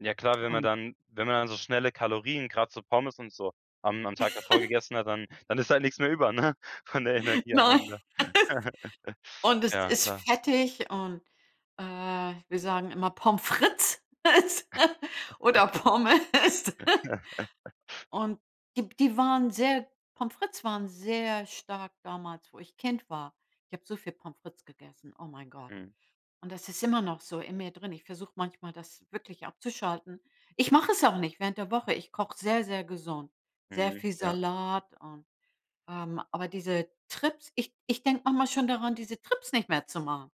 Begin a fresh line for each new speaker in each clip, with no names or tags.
Ja klar, wenn man
Und
dann wenn man dann so schnelle Kalorien, grad so Pommes und so, am am Tag davor gegessen hat, dann dann ist halt nix mehr über, ne, von der Energie am
Nein.
Ende.
Und es
Ja,
ist
klar.
fettig und, äh, wir sagen immer Pommes frites oder Pommes. Und die die waren sehr Pommes frites waren sehr stark damals, wo ich Kind war. Ich habe so viel Pommes frites gegessen, oh mein Gott.
Mhm.
Und das ist immer noch so in mir drin. Ich versuche manchmal, das wirklich abzuschalten. Ich mache es auch nicht während der Woche. Ich koche sehr, sehr gesund, sehr
Mhm,
viel
ja.
Salat und, ähm, aber diese Trips, ich ich denke manchmal schon daran, diese Trips nicht mehr zu machen.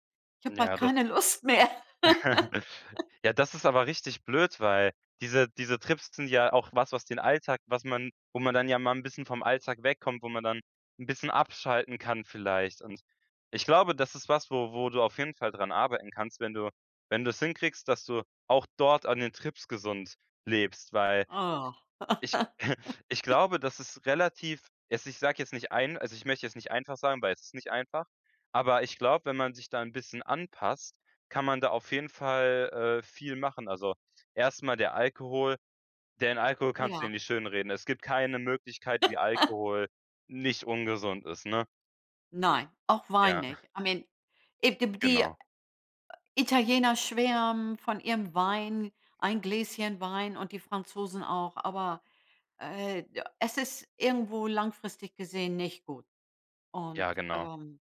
Ich habe bald
Ja, das
keine Lust mehr.
Ja, das ist aber richtig blöd, weil diese diese Trips sind ja auch was, was den Alltag was man wo man dann ja mal 'n bisschen vom Alltag wegkommt, wo man dann 'n bisschen abschalten kann vielleicht und ich glaube, das ist was, wo wo du auf jeden Fall dran arbeiten kannst, wenn du wenn du's hinkriegst, dass du auch dort an den Trips gesund lebst. Weil
Oh.
ich ich glaube, dass es relativ es ich sage jetzt nicht ein also, ich möchte jetzt nicht einfach sagen, weil es ist nicht einfach, aber ich glaube, wenn man sich da 'n bisschen anpasst, kann man da auf jeden Fall, äh, viel machen. Also, erstmal der Alkohol den Alkohol kannst du
Ja.
ja nicht schönreden. Es gibt keine Möglichkeit, wie Alkohol nicht ungesund ist, ne?
Nein, auch Wein
Ja.
nicht. I mean it die die
Genau.
Italiener schwärmen von ihrem Wein, ein Gläschen Wein, und die Franzosen auch. Aber, äh, da es ist irgendwo langfristig gesehen nicht gut. Und,
Ja, genau.
ähm,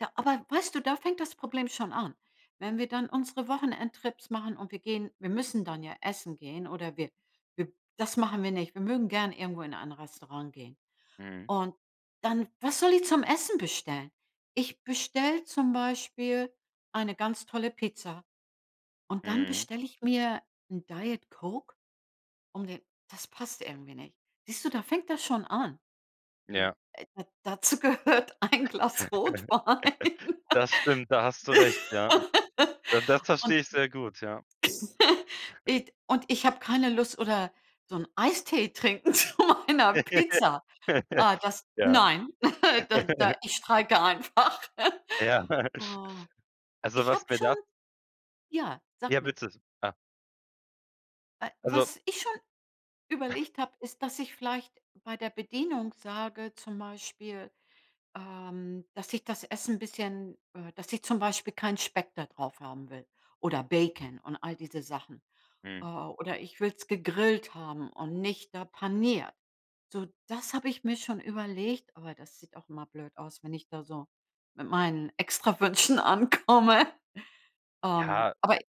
ja, aber weißt du, da fängt das Problem schon an. Wenn wir dann unsere Wochenendtrips machen und wir gehen wir müssen dann ja essen gehen oder wir wir das machen wir nicht. Wir mögen gern irgendwo in ein Restaurant gehen.
Mhm.
Und dann, was soll ich zum Essen bestellen? Ich bestelle zum Beispiel eine ganz tolle Pizza und dann
Mhm.
bestelle ich mir 'n Diet-Coke, um den das passt irgendwie nicht. Siehst du, da fängt das schon an.
Ja.
Du, da dazu gehört ein Glas Rotwein.
Das stimmt, da hast du recht, ja. Da das
Und
verstehe ich sehr gut, ja.
it und ich habe keine Lust oder so 'n Eistee trinken zu meiner Pizza. Ah, das
Ja.
nein, da da ich streike einfach.
Ja.
Oh.
Also,
Ich habe
was mir
schon
da
ja, sag
Ja,
mir.
witzig. Ja.
Äh.
Also
Was ich schon überlegt habe, ist, dass ich vielleicht bei der Bedienung sage, zum Beispiel, ähm, dass ich das Essen 'n bisschen äh, dass ich zum Beispiel keinen Speck da drauf haben will oder Bacon und all diese Sachen. Äh,
Mhm.
oder ich will's gegrillt haben und nicht da paniert. So, das habe ich mir schon überlegt, aber das sieht auch immer blöd aus, wenn ich da so mit meinen Extrawünschen ankomme. Ähm,
Ja
aber